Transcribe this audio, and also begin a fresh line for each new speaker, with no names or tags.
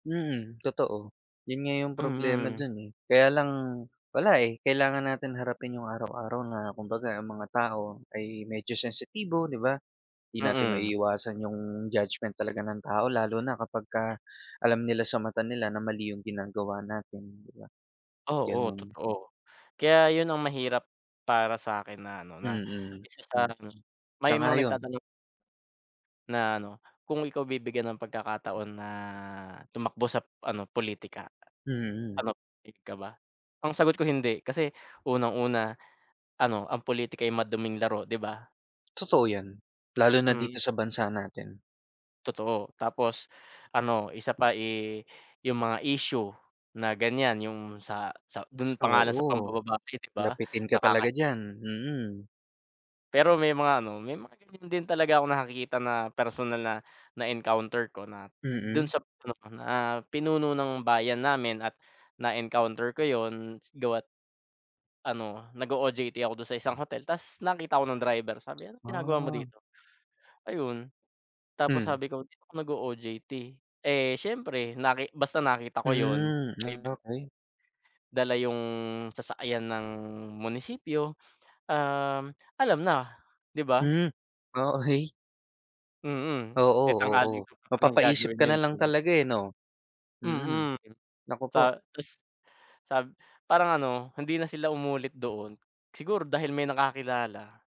Mm, totoo. Yun nga yung problema
Mm.
dun, eh. Kaya lang wala, eh, kailangan natin harapin yung araw-araw na kumbaga ang mga tao ay medyo sensitibo, 'di ba? 'Di natin
Mm.
maiiwasan yung judgment talaga ng tao lalo na kapagka alam nila sa mata nila na mali yung ginagawa natin, 'di ba?
Oo,
Ganun.
totoo. Kaya yun ang mahirap para sakin na ano na
Mm,
isa
mm.
sarangem may mga
Sang-ayon
nagtatanong na ano kung ikaw bibigyan ng pagkakataon na tumakbo sa politika
Mm.
anop ik ka ba? Ang sagot ko hindi kasi unang-una, ano ang politika ay maduming laro, 'di ba?
Totoo 'yan. Lalo na dito
Mm.
sa bansa natin.
Totoo, tapos ano isa pa, eh, yung mga issue na ganyan yung sa sa dun pa nga lang sa
Oo,
pambababae, 'di ba?
lapitin ka
Nakaka
talaga diyan, mm.
Pero may mga ano may mga ganyan din talaga akong nakakita na personal na na-encounter ko na dun
Mm.
sap pinuno na pinuno ng bayan namin at na-encounter ko yun gawa't ano nag-o-OJT ako dun sa isang hotel ta's nakita ako ng driver. Sabi niya, "Anong ginagawa mo
Ah.
dito?" Ayun, tapos
Hmm.
sabi ko dito ako nag-o-OJT. Eh, siyempre naki basta nakita ko yun.
Hmm,
Ay, bem
okey.
Dala yung sasakyan ng munisipyo. Um, alam na, 'di ba?
Hmm, oh, okey.
Mm,
Oo,
eh,
oo
tanghaling tapat naman
mapapaisip
gagawin
ka
yun.
na lang
Hmm.
talaga, eh, 'no? Mm,
Mm.
naku po.
Sa ta's sab parang ano hindi na sila umulit doon. Siguro dahil may nakakilala.